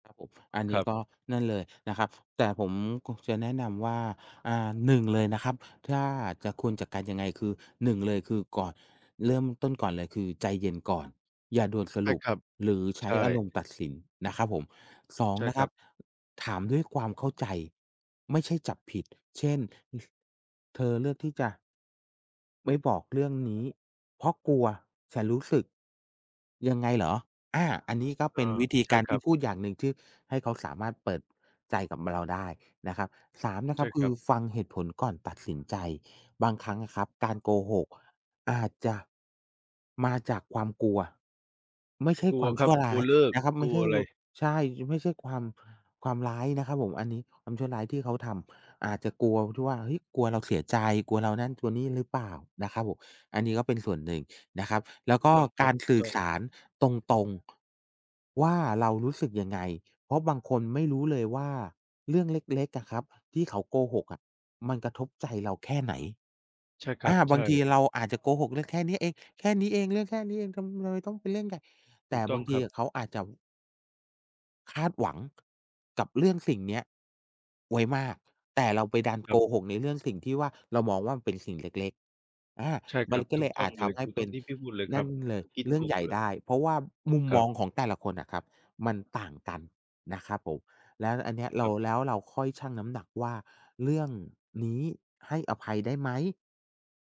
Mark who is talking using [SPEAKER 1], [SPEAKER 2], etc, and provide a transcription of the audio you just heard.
[SPEAKER 1] ครับผม อัน
[SPEAKER 2] ค
[SPEAKER 1] นี
[SPEAKER 2] ร
[SPEAKER 1] ้
[SPEAKER 2] ั
[SPEAKER 1] ก
[SPEAKER 2] บ
[SPEAKER 1] ็นั่นเลยนะครับ แต่ผมคงจะแนะนำว่า อา 1 เลยนะครับ ถ้าจะ ควรจัดการยังไง คือ เลย คือก่อน เริ่มต้นก่อนเลย คือใจเย็นก่อน อย่าด่วนส
[SPEAKER 2] ใช
[SPEAKER 1] ร
[SPEAKER 2] ่
[SPEAKER 1] ุป
[SPEAKER 2] ครับ
[SPEAKER 1] หรือใช
[SPEAKER 2] ใช
[SPEAKER 1] ้
[SPEAKER 2] ่
[SPEAKER 1] อารมณ์ตัดสินนะครับผม 2
[SPEAKER 2] ใช่
[SPEAKER 1] นะ
[SPEAKER 2] ค
[SPEAKER 1] ค
[SPEAKER 2] ร
[SPEAKER 1] ร
[SPEAKER 2] ั
[SPEAKER 1] ับ
[SPEAKER 2] บ
[SPEAKER 1] ถามด้วยความเข้าใจ ไม่ใช่จับผิด เช่น อ "เธอเลือกที่จะ" "ไม่บอกเรื่องนี้ เพราะกลัวฉันรู้สึกยังไงเหรอ?" อา อันนี้ก็
[SPEAKER 2] เอ
[SPEAKER 1] เป
[SPEAKER 2] อ
[SPEAKER 1] ็นวิธี
[SPEAKER 2] ใช่
[SPEAKER 1] การ
[SPEAKER 2] ค
[SPEAKER 1] ท
[SPEAKER 2] รั
[SPEAKER 1] ี่
[SPEAKER 2] บ
[SPEAKER 1] พูดอย่างหนึ่ง ที่ให้เขาสามารถเปิดใจกับ ม เราได้นะครับ 3 นะค
[SPEAKER 2] ใ
[SPEAKER 1] ร
[SPEAKER 2] ช
[SPEAKER 1] ั
[SPEAKER 2] ่
[SPEAKER 1] บ ค
[SPEAKER 2] ค
[SPEAKER 1] ื
[SPEAKER 2] รั
[SPEAKER 1] อ
[SPEAKER 2] บ
[SPEAKER 1] ฟังเหตุผลก่อนตัดสินใจ บางครั้งอะครับการโกหกอาจจะ มาจากความกลัว ไม่ใช่
[SPEAKER 2] กล
[SPEAKER 1] ค
[SPEAKER 2] ั
[SPEAKER 1] ว
[SPEAKER 2] ว
[SPEAKER 1] าม
[SPEAKER 2] ค
[SPEAKER 1] ช
[SPEAKER 2] รั
[SPEAKER 1] ั
[SPEAKER 2] บ
[SPEAKER 1] ่ว
[SPEAKER 2] ก
[SPEAKER 1] ร
[SPEAKER 2] ล
[SPEAKER 1] ้
[SPEAKER 2] ั
[SPEAKER 1] า
[SPEAKER 2] ว
[SPEAKER 1] ย
[SPEAKER 2] เลิก
[SPEAKER 1] นะครับ ไ
[SPEAKER 2] ก
[SPEAKER 1] ม
[SPEAKER 2] ล
[SPEAKER 1] ่
[SPEAKER 2] ั
[SPEAKER 1] ใช
[SPEAKER 2] ว
[SPEAKER 1] ่
[SPEAKER 2] อะไร
[SPEAKER 1] พ ใช่ ช ไม่ใช่ความ ความร้ายนะครับผม อันนี้ความชั่วร้ายที่เขาทำ อาจจะกลัว ท ที่ว่า เฮ้ย กลัวเราเสียใจ กลัวเรานั่นกลัวนี่หรือเปล่านะครับผม อันนี้ก็เป็นส่วนหนึ่งนะครับ แล้ว
[SPEAKER 2] ถู
[SPEAKER 1] ก็
[SPEAKER 2] กต้องคร
[SPEAKER 1] ก
[SPEAKER 2] ับ
[SPEAKER 1] าร
[SPEAKER 2] ถู
[SPEAKER 1] ส
[SPEAKER 2] ก
[SPEAKER 1] ื่
[SPEAKER 2] ต
[SPEAKER 1] อ
[SPEAKER 2] ้อ
[SPEAKER 1] ส
[SPEAKER 2] ง
[SPEAKER 1] ารตรง ๆ ว่าเรารู้สึกยังไง เพราะบางคนไม่รู้เลยว่าเรื่องเล็ก ๆ อะครับ ที่เขาโกหกอะมันกระทบใจเราแค่ไหน
[SPEAKER 2] ใช่คร
[SPEAKER 1] อ
[SPEAKER 2] ั
[SPEAKER 1] า
[SPEAKER 2] บ ใช
[SPEAKER 1] บา
[SPEAKER 2] ่
[SPEAKER 1] งทีเราอาจจะโกหกเรื่องแค่นี้เอง แค่นี้เอง เรื่องแค่นี้เอง ทำอะไรต้องเป็นเรื่องใหญ่ แ
[SPEAKER 2] ถ
[SPEAKER 1] ต
[SPEAKER 2] ู
[SPEAKER 1] ่
[SPEAKER 2] กต
[SPEAKER 1] บ
[SPEAKER 2] ้อ
[SPEAKER 1] า
[SPEAKER 2] ง
[SPEAKER 1] งท
[SPEAKER 2] ค
[SPEAKER 1] ี
[SPEAKER 2] รับ
[SPEAKER 1] อะเขาอาจจะ คาดหวัง กับเรื่อง สิ่งนี้ไว้มาก แต่เราไปดัน
[SPEAKER 2] คร
[SPEAKER 1] โก
[SPEAKER 2] ับ
[SPEAKER 1] หก ในเรื่อง สิ่งที่ว่า เรามองว่ามันเป็นสิ่งเล็ก ๆ อา
[SPEAKER 2] ใช่ค
[SPEAKER 1] มั
[SPEAKER 2] รั
[SPEAKER 1] น
[SPEAKER 2] บ
[SPEAKER 1] ก็
[SPEAKER 2] ถู
[SPEAKER 1] เล
[SPEAKER 2] ก
[SPEAKER 1] ย
[SPEAKER 2] ต
[SPEAKER 1] อ
[SPEAKER 2] ้อ
[SPEAKER 1] า
[SPEAKER 2] ง
[SPEAKER 1] จ
[SPEAKER 2] เล
[SPEAKER 1] ท
[SPEAKER 2] ย
[SPEAKER 1] ำให
[SPEAKER 2] ถ
[SPEAKER 1] ้
[SPEAKER 2] ูก
[SPEAKER 1] เ
[SPEAKER 2] ต
[SPEAKER 1] ป
[SPEAKER 2] ้
[SPEAKER 1] ็
[SPEAKER 2] อง
[SPEAKER 1] น
[SPEAKER 2] ที่พี่พูดเลย
[SPEAKER 1] น
[SPEAKER 2] คร
[SPEAKER 1] ั
[SPEAKER 2] ั
[SPEAKER 1] ่
[SPEAKER 2] บ
[SPEAKER 1] นเลย
[SPEAKER 2] คิด
[SPEAKER 1] เรื่
[SPEAKER 2] ถ
[SPEAKER 1] อง
[SPEAKER 2] ู
[SPEAKER 1] ใ
[SPEAKER 2] ก
[SPEAKER 1] หญ่
[SPEAKER 2] เลย
[SPEAKER 1] ได้ เพราะว่ามุม
[SPEAKER 2] ค
[SPEAKER 1] ม
[SPEAKER 2] รั
[SPEAKER 1] อ
[SPEAKER 2] บ
[SPEAKER 1] งของแต่ละคนน่ะครับมันต่างกันนะครับผม แล้วอันนี้เร
[SPEAKER 2] ค
[SPEAKER 1] า
[SPEAKER 2] รับ
[SPEAKER 1] แล้วเราค่อยชั่งน้ำหนักว่า "เรื่องนี้ให้อภัยได้ไหม?"